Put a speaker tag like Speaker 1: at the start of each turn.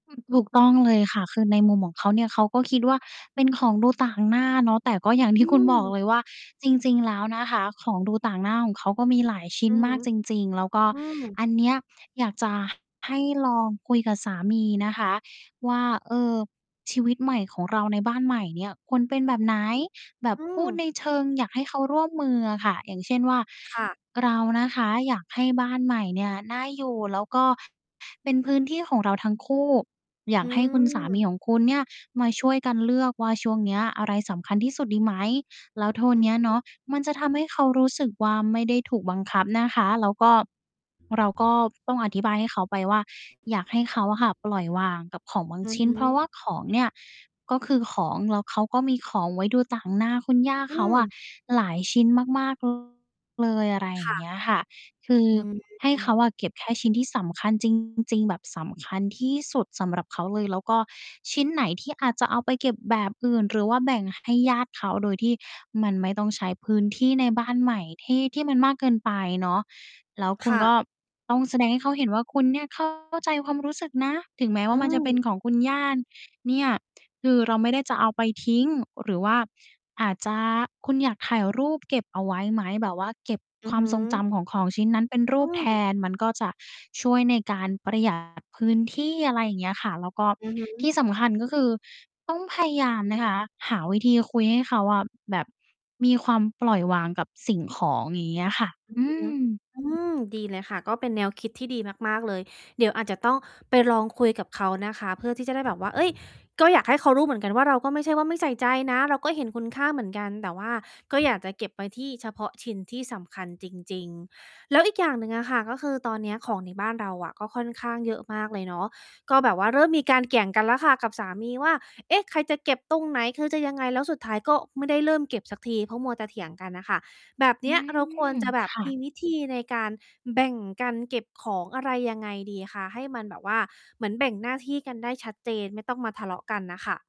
Speaker 1: อืม ถูกต้องเลยค่ะ คือในมุมของเขาเนี่ย เขาก็คิดว่าเป็นของดูต่างหน้าเนาะ แต่ก็อย่างท
Speaker 2: อ
Speaker 1: ี
Speaker 2: ื
Speaker 1: ่คุณบอก
Speaker 2: ม
Speaker 1: เลยว่า จริง ๆ แล้วนะคะ ของดูต่างหน้าของเขาก็มีหลายชิ้
Speaker 2: อื
Speaker 1: น
Speaker 2: อฮ
Speaker 1: ม
Speaker 2: ึ
Speaker 1: ากจริง ๆ แล้วก็
Speaker 2: อืม
Speaker 1: อันเนี้ยอยากจะให้ลองคุยกับสามีนะคะว่า เอ่อ ชีวิตใหม่ของเราในบ้านใหม่เนี่ยควรเป็นแบบไหน? แบบ
Speaker 2: อื
Speaker 1: พูดใ
Speaker 2: ม
Speaker 1: นเชิงอยากให้เขาร่วมมืออะค่ะ อย่างเช่นว่า
Speaker 2: ค่ะ
Speaker 1: เรานะคะ อยากให้บ้านใหม่เนี่ย น่าอยู่ แล้วก็เป็นพื้นที่ของเราทั้งคู่ อยา
Speaker 2: อื
Speaker 1: กให้คุณสามี
Speaker 2: ม
Speaker 1: ของคุณเนี่ย มาช่วยกันเลือกว่าช่วงเนี้ยอะไรสำคัญที่สุดดีไหม แล้วโทน
Speaker 2: อื
Speaker 1: เน
Speaker 2: อ
Speaker 1: ี้ย
Speaker 2: ฮึ
Speaker 1: เนาะ มันจะท
Speaker 2: อือ
Speaker 1: ำให้เขารู้สึกว่าไม่ได้ถูกบังคับนะคะ แล้วก็ เราก็ต้องอธิบายให้เขาไปว่า อยากให้เขาอะค่ะปล่อยวางกับของบาง
Speaker 2: อื
Speaker 1: ช
Speaker 2: อ
Speaker 1: ิ้น
Speaker 2: ฮ
Speaker 1: เพราะว่า
Speaker 2: ึ
Speaker 1: ของเนี่ยก็คือของ แล้วเขาก็มีของไว้ดูต่างหน้าคุณย่า
Speaker 2: อื
Speaker 1: เขาอะ
Speaker 2: ม
Speaker 1: หลายชิ้นมาก ๆ เลย อะไรอ
Speaker 2: ค
Speaker 1: ย่
Speaker 2: ่
Speaker 1: างเ
Speaker 2: ะ
Speaker 1: งี้ยค่ะ คือ
Speaker 2: อื
Speaker 1: ให้เข
Speaker 2: ม
Speaker 1: าเก็บแค่ชิ้นที่สำคัญ จริง ๆ แบบสำคัญที่สุดสำหรับเขาเลย แล้วก็ชิ้นไหนที่อาจจะเอาไปเก็บแบบอื่นหรือว่าแบ่งให้ญาติเขา โดยที่มันไม่ต้องใช้พื้นที่ในบ้านใหม่ที่ ที่มันมากเกินไปเนาะ แล้วคุ
Speaker 2: ค
Speaker 1: ณ
Speaker 2: ่
Speaker 1: ก็
Speaker 2: ะ
Speaker 1: ต้องแสดงให้เขาเห็นว่าคุณเนี่ย เข้า ใจความรู้สึกนะ ถึงแม้ว
Speaker 2: อ
Speaker 1: ่
Speaker 2: ื
Speaker 1: ามันจะเป็น
Speaker 2: ม
Speaker 1: ของคุณย่าเนี่ย คือเราไม่ได้จะเอาไปทิ้ง หรือว่าอาจจะ คุณอยากถ่ายรูปเก็บเอาไว้ไหม แบบว่าเก็บ
Speaker 2: อื
Speaker 1: ค
Speaker 2: อ
Speaker 1: วา
Speaker 2: ฮ
Speaker 1: มทรงจ
Speaker 2: ึ
Speaker 1: ำของของชิ้นนั้นเป็นร
Speaker 2: อ
Speaker 1: ู
Speaker 2: ื
Speaker 1: ปแท
Speaker 2: ม
Speaker 1: น มันก็จะช่วยในการประ หยัด พื้นที่ อะไรอย่างเงี้ยค่ะ แล้วก็
Speaker 2: อือฮึ
Speaker 1: ที่สำคัญก็คือต้องพยายามนะคะ หาวิธีคุยให้เขาอะแบบมีความปล่อยวางกับสิ่งของ อย่างเงี้ยอะค่ะ
Speaker 2: อื
Speaker 1: อ
Speaker 2: อ
Speaker 1: ื
Speaker 2: ฮึ
Speaker 1: ม
Speaker 2: อืม ดีเลยค่ะ ก็เป็นแนวคิดที่ดีมาก ๆ เลย เดี๋ยวอาจจะต้องไปลองคุยกับเขานะคะ เพื่อที่จะได้แบบว่า เฮ้ย ก็อยากให้เขารู้เหมือนกัน ว่าเราก็ไม่ใช่ว่าไม่ใส่ใจนะ เราก็เห็นคุณค่าเหมือนกัน แต่ว่าก็อยากจะเก็บไว้ที่ เฉพาะชิ้นที่สำคัญจริง ๆ แล้วอีกอย่างหนึ่งอะค่ะ ก็คือตอนเนี้ยของในบ้านเราอะก็ค่อนข้างเยอะมากเลยเนาะ ก็แบบว่าเริ่มมีการเกี่ยงกันแล้วค่ะกับสามีว่า เอ๊ะ ใครจะเก็บตรงไหน? คือจะยังไง? แล้วสุดท้ายก็ไม่ได้เริ่มเก็บสักที เพราะมัวจะเถียงกันน่ะค่ะ แบบเ
Speaker 1: อ
Speaker 2: น
Speaker 1: ื
Speaker 2: ี้ยเราควร
Speaker 1: ม
Speaker 2: จะแบ
Speaker 1: ค
Speaker 2: บ
Speaker 1: ่
Speaker 2: มี
Speaker 1: ะ
Speaker 2: วิธีในการแบ่งกันเก็บของอะไรยังไงดีคะ ให้มันแบบว่าเหมือนแบ่งหน้าที่กันได้ชัดเจน ไม่ต้องมาทะเลาะกันน่ะค่ะ?